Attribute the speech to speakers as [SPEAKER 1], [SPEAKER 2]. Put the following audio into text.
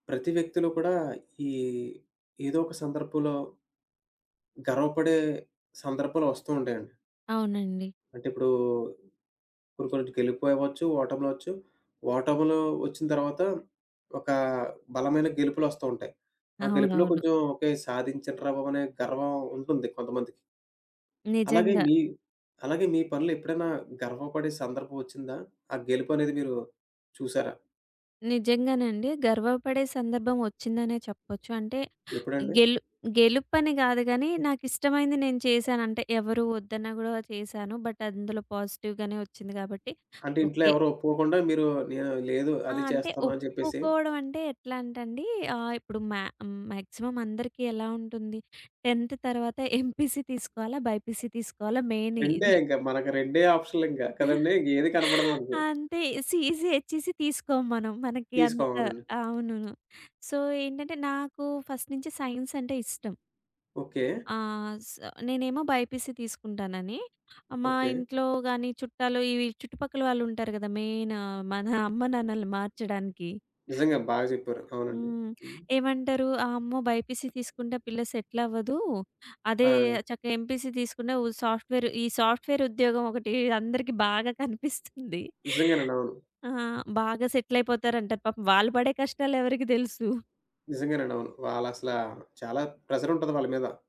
[SPEAKER 1] ప్రతి వ్యక్తులో కూడా ఈ ఏదో ఒక సందర్భంలో గర్వపడే సందర్భాలొస్తూ ఉంటాయండి.
[SPEAKER 2] అవునండి.
[SPEAKER 1] అంటే ఇప్పుడూ ఇప్పుడు కొన్నిటి గెలుపు అవ్వచ్చు. ఓటములవ్వచ్చు. ఓటములు ఒచ్చిన తర్వాత ఒక బలమైన గెలుపులొస్తూ ఉంటాయి. ఆ గెలుపులో
[SPEAKER 2] అవునవును.
[SPEAKER 1] కొంచెం ఓకే, సాధించాన్రా బాబనే గర్వం ఉంటుంది కొంతమందికి. అలాగే
[SPEAKER 2] నిజంగా.
[SPEAKER 1] మీ అలాగే మీ పనులెప్పుడైనా గర్వపడే సందర్భం ఒచ్చిందా? ఆ గెలుపనేది మీరు చూసారా?
[SPEAKER 2] నిజంగానండి. గర్వపడే సందర్భం ఒచ్చిందనే చెప్పొచ్చు. అంటే
[SPEAKER 1] ఎప్పుడండి?
[SPEAKER 2] గెలు గెలుపని గాదు గానీ నాకిష్టమైంది నేను చేశానంటే ఎవరూ వద్దన్నా గూడా వా చేశాను. బట్ అందులో పాజిటివ్‌గానే ఒచ్చింది గాబట్టి
[SPEAKER 1] అంటే ఇంట్లో
[SPEAKER 2] ఓకే.
[SPEAKER 1] ఎవరూ ఒప్పుకోకుండా మీరు "నేను లేదు
[SPEAKER 2] ఆ!
[SPEAKER 1] అది
[SPEAKER 2] అంటే
[SPEAKER 1] చేస్తాను" అని జెప్పేసి
[SPEAKER 2] ఒప్పుకోపోవడం అంటే ఎట్లంటే అండి ఆహ్, ఇప్పుడు మా మాక్సిమం అందరికీ ఎలా ఉంటుంది? 10థ్ తర్వాత ఎంపీసీ తీసుకోవాలా? బైపీసీ తీసుకోవాలా? మెయిన్
[SPEAKER 1] రెండే
[SPEAKER 2] ఇది.
[SPEAKER 1] ఇంకా మనకు రెండే ఆప్షన్‌‌‌‌లింక. కదండీ! ఇంగేది కనపడదు మనకి.
[SPEAKER 2] అంతే. సిఇసి, హెచ్‌ఇసి తీసుకోం మనం. మనకి
[SPEAKER 1] తీసుకోం.
[SPEAKER 2] అంత
[SPEAKER 1] అవునండి.
[SPEAKER 2] అవును. సో ఏంటంటే నాకు ఫస్ట్ నుంచి సైన్స్ అంటే ఇష్టం.
[SPEAKER 1] ఓకే.
[SPEAKER 2] ఆ! స నేనేమో బైపీసీ తీసుకుంటానని, మా
[SPEAKER 1] ఓకే.
[SPEAKER 2] ఇంట్లో గాని చుట్టాలు ఇవి చుట్టుపక్కల వాళ్ళు ఉంటారు గదా! మెయిన్ మన అమ్మ, నాన్నలని మార్చడానికి.
[SPEAKER 1] నిజంగా బాగ జెప్పారు. అవునండి.
[SPEAKER 2] హ్మ్.
[SPEAKER 1] హ్మ్.
[SPEAKER 2] ఏమంటారు? "అమ్మో! బైపీసీ తీసుకుంటే పిల్ల సెటిల్ అవ్వదూ. అదే
[SPEAKER 1] ఆ!
[SPEAKER 2] చక్కగా ఎంపీసీ తీసుకున్నా ఉ సాఫ్ట్‌వేర్" ఈ సాఫ్ట్‌వేర్ ఉద్యోగం ఒకటి అందరికి బాగా కనిపిస్తుంది.
[SPEAKER 1] నిజంగానండి. అవును.
[SPEAKER 2] ఆ! బాగా సెటిల్ అయిపోతారంటారు. పాపం వాళ్ళు పడే కష్టాలెవరకి దెలుసు!
[SPEAKER 1] నిజంగానండి. అవును. వాళ్ళసల చాలా ప్రెషర్ ఉంటది వాళ్ళ మీద.